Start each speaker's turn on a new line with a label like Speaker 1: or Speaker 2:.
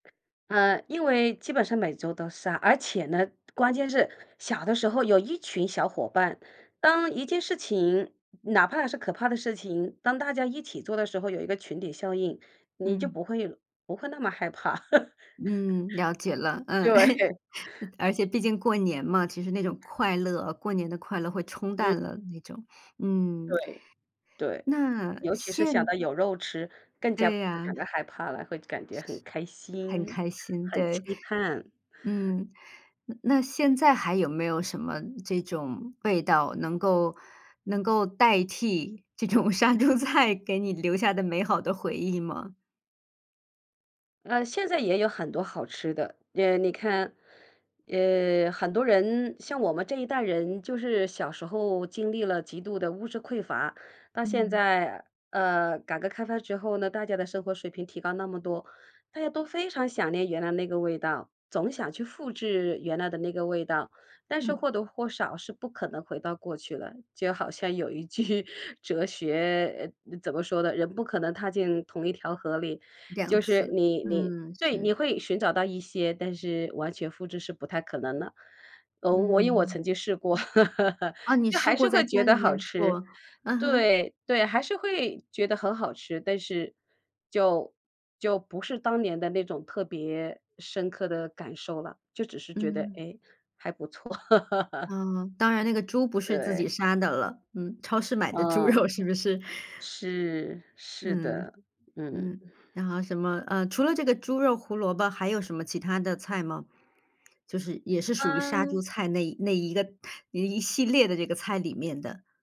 Speaker 1: 嗯，因为基本上每周都是啊，而且呢关键是小的时候有一群小伙伴，当一件事情，哪怕是可怕的事情，当大家一起做的时候，有一个群体效应，你就
Speaker 2: 嗯。
Speaker 1: 不会不会那么害怕。
Speaker 2: 嗯，了解了，嗯。
Speaker 1: 对。
Speaker 2: 而且毕竟过年嘛，其实那种快乐，过年的快乐会冲
Speaker 1: 嗯。
Speaker 2: 淡了那种。嗯。
Speaker 1: 对，对，
Speaker 2: 那
Speaker 1: 尤其是想
Speaker 2: 现
Speaker 1: 到有肉吃更加
Speaker 2: 对
Speaker 1: 不会
Speaker 2: 呀。
Speaker 1: 感到害怕了，会感觉很开
Speaker 2: 很
Speaker 1: 心，
Speaker 2: 开心，
Speaker 1: 很
Speaker 2: 对。
Speaker 1: 期盼。
Speaker 2: 嗯。那现在还有没有什么这种味道，能够能够代替这种杀猪菜给你留下的美好的回忆吗？
Speaker 1: 呃，现在也有很多好吃的。呃，你看，呃，很多人像我们这一代人就是小时候经历了极度的物质匮乏，到现
Speaker 2: 嗯。
Speaker 1: 在，呃，改革开放之后呢，大家的生活水平提高那么多，大家都非常想念原来那个味道，总想去复制原来的那个味道，但是
Speaker 2: 嗯。
Speaker 1: 或多或少是不可能回到过去了。就好像有一句哲学怎么说的，人不可能踏进同一条河里。
Speaker 2: 2
Speaker 1: 就是
Speaker 2: 次，
Speaker 1: 你你
Speaker 2: 嗯，
Speaker 1: 对，你
Speaker 2: 是。
Speaker 1: 会寻找到一些，但是完全复制是不太可能的。哦，我因为我
Speaker 2: 嗯。
Speaker 1: 曾经试过，
Speaker 2: 啊，你
Speaker 1: 就
Speaker 2: 试
Speaker 1: 还是
Speaker 2: 过在
Speaker 1: 会觉
Speaker 2: 家
Speaker 1: 得
Speaker 2: 里
Speaker 1: 好
Speaker 2: 面
Speaker 1: 吃，
Speaker 2: 做，嗯哼。
Speaker 1: 对，对，还是会觉得很好吃，但是就就不是当年的那种特别深刻的感受了。就只是觉得，
Speaker 2: 嗯。
Speaker 1: 哎，还不错。
Speaker 2: 啊，当然那个猪不是自
Speaker 1: 对。
Speaker 2: 己杀的了，嗯，超市买的猪
Speaker 1: 嗯。
Speaker 2: 肉是不是？
Speaker 1: 是是
Speaker 2: 嗯，
Speaker 1: 的，嗯。
Speaker 2: 嗯，然后什么，呃，除了这个猪肉胡萝卜还有什么其它的菜吗？就是也是属于杀猪
Speaker 1: 嗯。
Speaker 2: 菜那一那一个一系列的这个菜里面的。